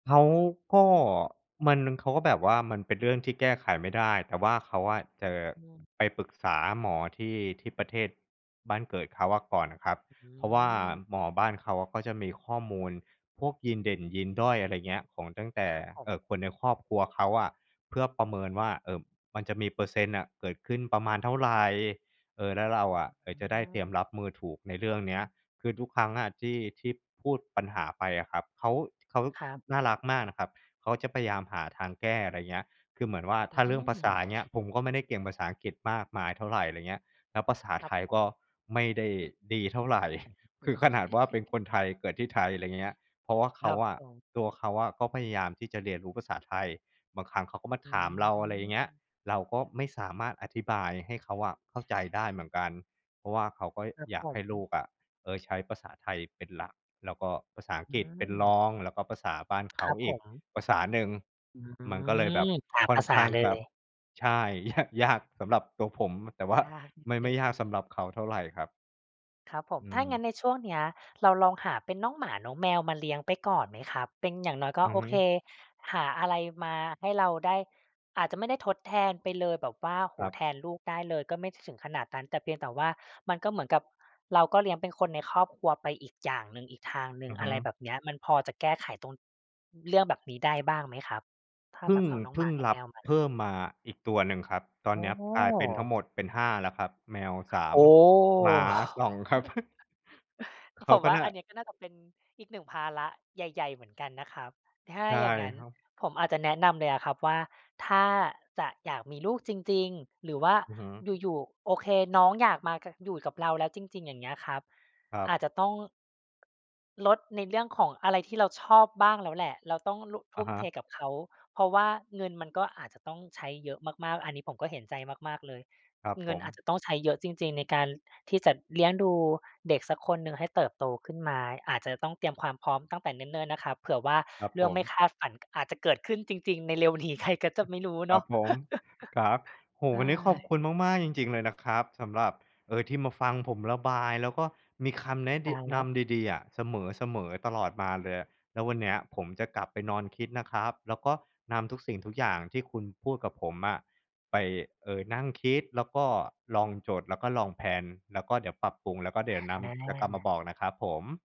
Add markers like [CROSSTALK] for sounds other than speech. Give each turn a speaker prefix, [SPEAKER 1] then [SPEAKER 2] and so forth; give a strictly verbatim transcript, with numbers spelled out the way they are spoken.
[SPEAKER 1] เขาก็ มัน เขาก็แบบว่า มันเป็นเรื่องที่แก้ไขไม่ได้ แต่ว่าเขาอะ เจอ
[SPEAKER 2] อืม
[SPEAKER 1] ไปปรึกษาหมอที่ ที่ประเทศบ้านเกิดเขาอะก่อนครับ
[SPEAKER 2] อื
[SPEAKER 1] เพราะว่า
[SPEAKER 2] ม
[SPEAKER 1] หมอบ้านเขา ก็จะมีข้อมูลพวกยีนเด่นยีนด้อย อะไรเงี้ย ของตั้งแต่
[SPEAKER 2] ครับผ
[SPEAKER 1] เอ
[SPEAKER 2] ม
[SPEAKER 1] ่อ คนในครอบครัวเขาอะ เพื่อประเมินว่า เอ่อ มันจะมีเปอร์เซ็นต์น่ะเกิดขึ้นประมาณเท่าไร เออ แล้วเราอะ เอ
[SPEAKER 2] เต็
[SPEAKER 1] อ
[SPEAKER 2] ม
[SPEAKER 1] จะได
[SPEAKER 2] ห
[SPEAKER 1] ้
[SPEAKER 2] น้
[SPEAKER 1] เตรียม
[SPEAKER 2] า
[SPEAKER 1] รับมือถูกในเรื่องเนี้ย คือทุกครั้งอะที่ ที่พูดปัญหาไปอะครับ เขา เขา
[SPEAKER 2] ครับ
[SPEAKER 1] น่ารักมากนะครับ เขาจะพยายามหาทางแก้ อะไรเงี้ย คือเหมือนว่า
[SPEAKER 2] อ
[SPEAKER 1] ถ้าเรื่องภาษ
[SPEAKER 2] ื
[SPEAKER 1] า
[SPEAKER 2] ม
[SPEAKER 1] เงี้ย ผมก็ไม่ได้เก่งภาษาอังกฤษมากมายเท่าไร ไรเงี้ย แล้วภาษา
[SPEAKER 2] ค
[SPEAKER 1] ไ
[SPEAKER 2] ร
[SPEAKER 1] ท
[SPEAKER 2] ับ
[SPEAKER 1] ย
[SPEAKER 2] ผ
[SPEAKER 1] ก็
[SPEAKER 2] ม
[SPEAKER 1] ไม่ได้ดีเท่าไร [CHUCKLES] คือขนาดว่าเป็นค
[SPEAKER 2] [CHUCKLES]
[SPEAKER 1] นไทย เกิดที่ไทย อะไรเงี้ย เพราะว่าเข
[SPEAKER 2] ค
[SPEAKER 1] า
[SPEAKER 2] รับ
[SPEAKER 1] อะ
[SPEAKER 2] ผม
[SPEAKER 1] ตัวเขาอะก็พยายามที่จะเรียนรู้ภาษาไทย บางครั้งเขาก็มา
[SPEAKER 2] อื
[SPEAKER 1] ถามเรา อะไรอย่างเงี้ย
[SPEAKER 2] ม
[SPEAKER 1] เราก็ไม่สามารถอธิบายให้เขาอะเข้าใจได้เหมือนกัน เพราะว่าเขาก็
[SPEAKER 2] ครับ
[SPEAKER 1] อย
[SPEAKER 2] ผ
[SPEAKER 1] ากให้ลู
[SPEAKER 2] ม
[SPEAKER 1] กอะ เออ ใช้ภาษาไทยเป็นหลัก แล้วก็ภาษาอัง
[SPEAKER 2] อื
[SPEAKER 1] กฤษเป็นร
[SPEAKER 2] ม
[SPEAKER 1] อง แล้วก็ภาษาบ้านเข
[SPEAKER 2] ค
[SPEAKER 1] า
[SPEAKER 2] รับ
[SPEAKER 1] อ
[SPEAKER 2] ผ
[SPEAKER 1] ีก
[SPEAKER 2] ม
[SPEAKER 1] ภาษาหนึ่ง
[SPEAKER 2] อื
[SPEAKER 1] มันก็เลยแบบ
[SPEAKER 2] ม สาม
[SPEAKER 1] ค่อ
[SPEAKER 2] ภ
[SPEAKER 1] น
[SPEAKER 2] าษ
[SPEAKER 1] ข
[SPEAKER 2] า
[SPEAKER 1] ้าง
[SPEAKER 2] เล
[SPEAKER 1] จะ
[SPEAKER 2] ย
[SPEAKER 1] ใช่ ยะ ยากสำหรับตัวผม แต่ว่า
[SPEAKER 2] ยากนิด
[SPEAKER 1] ไม่ ไ
[SPEAKER 2] ห
[SPEAKER 1] ม
[SPEAKER 2] น
[SPEAKER 1] ่
[SPEAKER 2] ึ่
[SPEAKER 1] ยา
[SPEAKER 2] ง
[SPEAKER 1] กสำหรับเขาเท่าไรครับ
[SPEAKER 2] ครับผม
[SPEAKER 1] อื
[SPEAKER 2] ถ้างั้
[SPEAKER 1] ม
[SPEAKER 2] นในช่วงเนี้ย เราลองหาเป็นน้องหมาน้องแมว มาเลี้ยงไปก่อนไหมครับ? เป็นอย่างน้อยก็
[SPEAKER 1] อือ
[SPEAKER 2] โอ
[SPEAKER 1] ฮ
[SPEAKER 2] เค
[SPEAKER 1] ึ
[SPEAKER 2] หาอะไรมาให้เราได้ อาจจะไม่ได้ทดแทนไปเลย แบบว่า โอ้โฮ
[SPEAKER 1] ครั
[SPEAKER 2] แท
[SPEAKER 1] บ
[SPEAKER 2] นลูกได้เลย ก็ไม่ถึงขนาดนั้น แต่เพียงแต่ว่า มันก็เหมือนกับเราก็เลี้ยงเป็นคนในครอบครัวไปอีกอย่างหนึ่ง อีกทางหนึ
[SPEAKER 1] อ
[SPEAKER 2] ่ง
[SPEAKER 1] ือฮ
[SPEAKER 2] อะ
[SPEAKER 1] ึ
[SPEAKER 2] ไรแบบเนี้ย มันพอจะแก้ไขตรง เรื่องแบบนี้ได้บ้างไหมครับ? ถ้า
[SPEAKER 1] พึ
[SPEAKER 2] แ
[SPEAKER 1] ่
[SPEAKER 2] บ
[SPEAKER 1] ง
[SPEAKER 2] บเอาน้อง
[SPEAKER 1] พ
[SPEAKER 2] ห
[SPEAKER 1] ึ
[SPEAKER 2] ม
[SPEAKER 1] ่
[SPEAKER 2] า
[SPEAKER 1] ง
[SPEAKER 2] น้อ
[SPEAKER 1] ร
[SPEAKER 2] ง
[SPEAKER 1] ั
[SPEAKER 2] แม
[SPEAKER 1] บ
[SPEAKER 2] วม
[SPEAKER 1] เพ
[SPEAKER 2] า
[SPEAKER 1] ิ่มมาอีกตัวหนึ่งครับ ตอน
[SPEAKER 2] อ๋
[SPEAKER 1] เนี้ยกลายเป็นทั้ง
[SPEAKER 2] อ
[SPEAKER 1] หมดเป็น ห้า แล้วครับ แมว สา
[SPEAKER 2] โอ
[SPEAKER 1] ม
[SPEAKER 2] ้
[SPEAKER 1] หมา
[SPEAKER 2] โฮ
[SPEAKER 1] สอง ครับ [CHUCKLES] เข
[SPEAKER 2] [CHUCKLES] ผ
[SPEAKER 1] า
[SPEAKER 2] ม
[SPEAKER 1] ก็
[SPEAKER 2] ว่า
[SPEAKER 1] น่า
[SPEAKER 2] อันนี้ก็น่าจะเป็นอีก หนึ่ง ภาระใหญ่ ๆ เหมือนกันนะครับ ถ้า
[SPEAKER 1] ใช่
[SPEAKER 2] อย่างงั้น
[SPEAKER 1] ครับ
[SPEAKER 2] ผมอาจจะแนะนำเลยอะครับว่า ถ้าจะอยากมีลูกจริง ๆ หรือว่า
[SPEAKER 1] อือฮึ
[SPEAKER 2] อยู่ ๆ โอเค น้องอยากมากะ อยู่กับเราแล้วจริง ๆ อย่างเงี้ยครับ
[SPEAKER 1] ครั
[SPEAKER 2] อาจ
[SPEAKER 1] บ
[SPEAKER 2] จะต้อง...ลดในเรื่องของอะไรที่เราชอบบ้างแล้วแหละ เราต้องลุ ท
[SPEAKER 1] อ
[SPEAKER 2] ุ
[SPEAKER 1] ะ
[SPEAKER 2] ่ม
[SPEAKER 1] ฮ
[SPEAKER 2] เท
[SPEAKER 1] ะ
[SPEAKER 2] กับเขา เพราะว่าเงินมันก็อาจจะต้องใช้เยอะมาก ๆ อันนี้ผมก็เห็นใจมาก ๆ เลย
[SPEAKER 1] ครับ
[SPEAKER 2] เง
[SPEAKER 1] ผ
[SPEAKER 2] ิน
[SPEAKER 1] ม
[SPEAKER 2] อาจจะต้องใช้เยอะจริง ๆ ในการ ล ที่จะเลี้ยงดูเด็กสักคนหนึ่งให้เติบโตขึ้นมา อาจจะต้องเตรียมความพร้อมตั้งแต่เนิ่น ๆ นะครับ เผื่อว่า
[SPEAKER 1] ครับ
[SPEAKER 2] เรื
[SPEAKER 1] ผ
[SPEAKER 2] ่องไม
[SPEAKER 1] ม
[SPEAKER 2] ่คาดฝัน ก อาจจะเกิดขึ้นจริง ๆ ใน เร็วนี้ ใครก็จะไม่รู้
[SPEAKER 1] ค
[SPEAKER 2] เน
[SPEAKER 1] รั
[SPEAKER 2] าะ
[SPEAKER 1] บผม ครับ
[SPEAKER 2] [CHUCKLES]
[SPEAKER 1] โอ้โฮ
[SPEAKER 2] ใช
[SPEAKER 1] วันนี้ขอบ
[SPEAKER 2] ่
[SPEAKER 1] คุณมาก ๆ จริง ๆ เลยนะครับ สำหรับ เออ ที่มาฟังผมระบาย แล้วก็มีคำแนะ
[SPEAKER 2] ต
[SPEAKER 1] ดี
[SPEAKER 2] ายแล
[SPEAKER 1] น
[SPEAKER 2] ้ว
[SPEAKER 1] ำดี ๆ อะ เสมอ ๆ ตลอดมาเลยอะ แล้ววันเนี้ยผมจะกลับไปนอนคิดนะครับ แล้วก็นำทุกสิ่งทุกอย่างที่คุณพูดกับผมอะ ไป เออ นั่งคิด แล้วก็ลองจด แล้วก็ลองแพลน แล้วก็เดี๋ยวปรับปรุง แล้วก็เดี๋ยวน
[SPEAKER 2] อ
[SPEAKER 1] ำ จะกลับมา
[SPEAKER 2] า
[SPEAKER 1] บอกนะครับผม